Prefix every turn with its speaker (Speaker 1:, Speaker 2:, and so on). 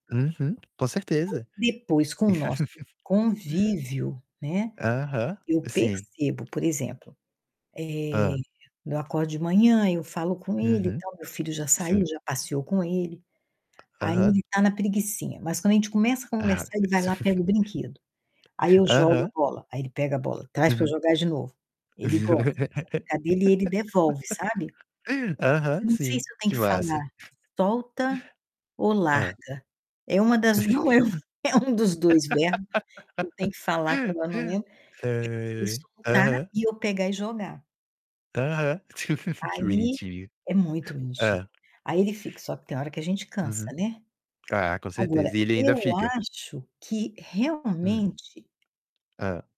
Speaker 1: Uhum, com certeza.
Speaker 2: Depois com o nosso convívio, né,
Speaker 1: Aham,
Speaker 2: eu
Speaker 1: sim.
Speaker 2: percebo, por exemplo, eh,
Speaker 1: Hã.
Speaker 2: quando eu acordo de manhã, aí eu falo com ele e
Speaker 1: Uhum.
Speaker 2: tal, meu filho já
Speaker 1: Sim.
Speaker 2: saiu, já passeou com ele, aí
Speaker 1: Aham.
Speaker 2: ele tá na preguicinha, mas quando a gente começa a
Speaker 1: Ai, meu
Speaker 2: conversar, ele vai
Speaker 1: Deus.
Speaker 2: lá pega o brinquedo. Aí eu jogo a
Speaker 1: Aham.
Speaker 2: bola, aí ele pega a bola, traz para eu
Speaker 1: Uhum.
Speaker 2: jogar de novo. Ele gosta dessa brincadeira e ele devolve, sabe.
Speaker 1: Aham,
Speaker 2: Não sei
Speaker 1: sim,
Speaker 2: se eu tenho
Speaker 1: que
Speaker 2: que
Speaker 1: massa!
Speaker 2: falar solta ou
Speaker 1: Hã.
Speaker 2: larga. É uma das não lembro, é um dos 2 verbos que eu tenho que falar, que
Speaker 1: Ai,
Speaker 2: agora eu não lembro, que é ele
Speaker 1: ai.
Speaker 2: soltar
Speaker 1: Aham.
Speaker 2: e eu pegar e jogar.
Speaker 1: Aham. Que
Speaker 2: Aí
Speaker 1: bonitinho.
Speaker 2: É muito bonitinho.
Speaker 1: Hã.
Speaker 2: Aí ele fica só que tem hora que a gente cansa,
Speaker 1: Uhum.
Speaker 2: né.
Speaker 1: Ah, com
Speaker 2: Agora,
Speaker 1: certeza, e ele
Speaker 2: eu
Speaker 1: ainda fica?
Speaker 2: acho que
Speaker 1: Hum.
Speaker 2: realmente
Speaker 1: Hã